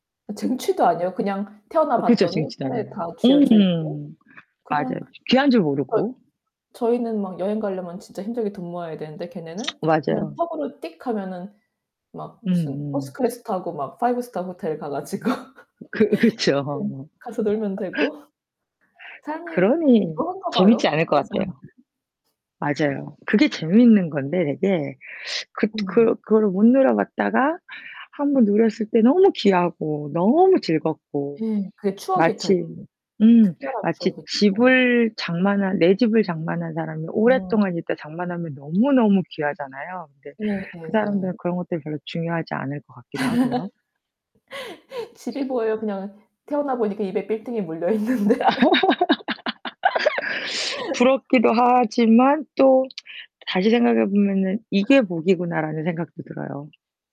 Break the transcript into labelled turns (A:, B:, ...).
A: 쟁취도 아니에요. 그냥 태어나
B: 어 그쵸.
A: 봤더니
B: 쟁취도 아니야.
A: 손에 다 쥐어져 있고
B: 으흠.
A: 그냥
B: 맞아요. 귀한 줄
A: 저
B: 모르고.
A: 저희는 막 여행 가려면 진짜 힘들게 돈 모아야 되는데 걔네는 그냥
B: 맞아요.
A: 턱으로 띡 하면은 막 무슨 퍼스트
B: 음음.
A: 클래스 타고 막 five star 호텔 가 가지고
B: 그
A: 네
B: 그쵸.
A: 가서 놀면 되고 삶이
B: 그러니
A: 지루한가
B: 재밌지
A: 봐요
B: 않을 것
A: 그런 사람들은.
B: 같아요. 맞아요. 그게 재밌는 건데 되게 그
A: 음.
B: 그 그거를 못 누려봤다가 한번 누렸을 때 너무 귀하고 너무 즐겁고
A: 예. 그게 추억이 되고
B: 마치 음
A: 특별한
B: 마치
A: 추억이 되고.
B: 집을 장만한 내 집을 장만한 사람이
A: 음.
B: 오랫동안 있다 장만하면 너무너무 귀하잖아요. 근데 그
A: 예예예.
B: 사람들은 그런 것들이 별로 중요하지 않을 것 같기도 하고요.
A: 집이 뭐예요 그냥 태어나 보니까 입에 빌딩이 물려 있는데.
B: 부럽기도 하지만 또 다시 생각해 보면은 '이게 복이구나.'라는 생각도 들어요.